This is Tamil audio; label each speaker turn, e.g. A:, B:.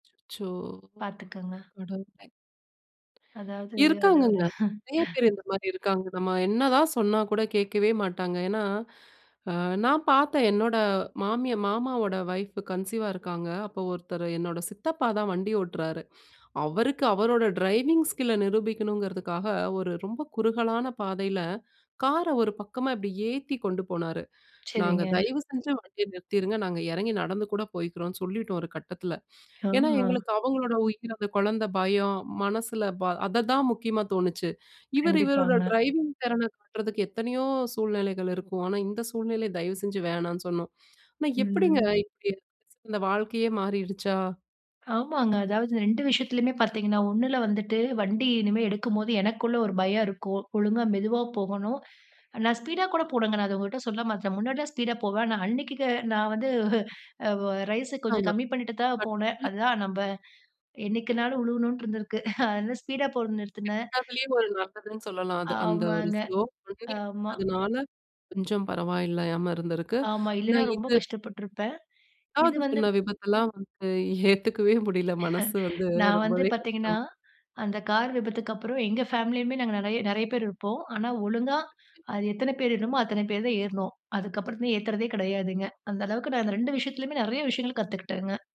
A: அச்சோ!
B: பார்த்துக்கங்க.
A: கடவுளே.
B: அதாவது அத ஒரு
A: இருக்காங்கங்க. நறைய பேர் இந்த மாரி இருக்காங்க. நம்ம என்னதான் சொன்னாக்கூட கேட்கவே மாட்டாங்க. ஏன்னா, அ நான் பாத்தேன் என்னோட மாமி மாமாவோட வைஃப் கன்சீவா இருக்காங்க. அப்போ ஒருத்தர் என்னோட சித்தப்பாதான் வண்டி ஓட்றாரு. அவருக்கு அவரோட டிரைவிங் ஸ்கில்ல நிரூபிக்கணுங்குறதுக்காக ஒரு ரொம்ப குறுகலான பாதைல கார ஒரு பக்கமா இப்டியே ஏத்தி கொண்டு போனாரு. நாங்க
B: சரிங்க.
A: தயவு செஞ்சு வண்டிய நிறுத்திருங்க நாங்க எறங்கி நடந்து கூட போய்க்றோம்னு சொல்லிட்டோம் ஒரு கட்டத்துல. ஏன்னா,
B: ஆமா.
A: எங்களுக்கு அவங்களோட உயிர், அந்த கொழந்த, பயம், மனசுல ப அததான் முக்கியமா தோணுச்சு. இவரு இவரோட
B: கண்டிப்பாங்க.
A: டிரைவிங் திறன காட்றதுக்கு எத்தனையோ சூழ்நிலைகள் இருக்கும். ஆனா, இந்த சூழ்நிலை தயவு செஞ்சு வேணான்னு சொன்னோம். ஆனா, எப்டிங்க
B: ம்.
A: இப்டி? வாழ்க்கையே மாறிருச்சா?
B: ஆமாங்க. அதாவது 2 விஷயத்துலயுமே பார்த்தீங்கன்னா, ஒன்னுல வந்துட்டு வண்டி இனிமே எடுக்கும்போது, எனக்குள்ள ஒரு பயம் இருக்கும். ஒழுங்கா மெதுவா போகணும். நான் ஸ்பீடா கூட போனேங்க நான் அத உங்கள்கிட்ட சொல்ல மறந்துட்டேன். முன்னாடிலாம் ஸ்பீடா போவேன். ஆனா அன்னைக்கி நான் வந்து அ வ ரைஸை கொஞ்சம் கம்மி பண்ணிட்டு தான் போனேன் அதுதான், நம்ப
A: [unintelligible]
B: என்னைக்குனாலும் விழுகணுன்னு இருந்திருக்கு அதான் ஸ்பீடா போறத நிறுத்துனேன்.
A: கெட்டதிலேயும் ஒரு நல்லதுன்னு சொல்லலாம். அது அந்த ஒரு
B: ஆமாங்க.
A: ஸ்லோ பிகினீங்க
B: ஆமா.
A: அதுனால கொஞ்சம் பரவால்லயாம இருந்திருக்கு.
B: ஆமா,
A: ஆனா
B: இல்லனா ரொம்ப
A: இது
B: கஷ்டப்பட்ருப்பேன். இது
A: 2வது
B: வந்து
A: சொன்ன விபத்தெல்லாம் வந்து ஏத்துக்கவே முடில மனசு வந்து
B: நான் வந்து
A: ரொம்பவே
B: பாத்தீங்கன்னா,
A: கஷ்டம்.
B: அந்த கார் விபத்துக்கு அப்புறம் எங்க ஃபேமிலியுமே நாங்க நறைய நறைய பேர் இருப்போம். ஆனா, ஒழுங்கா அது எத்தன பேர் வேணுமோ, அத்தன பேர் தான் ஏற்னோம். அதுக்கப்புறம் ஏத்துறதே கெடையாதுங்க, அந்த அளவுக்கு நான் அந்த 2 விஷயத்துலயுமே நறைய விஷயங்கள் கத்துகிட்டேங்க.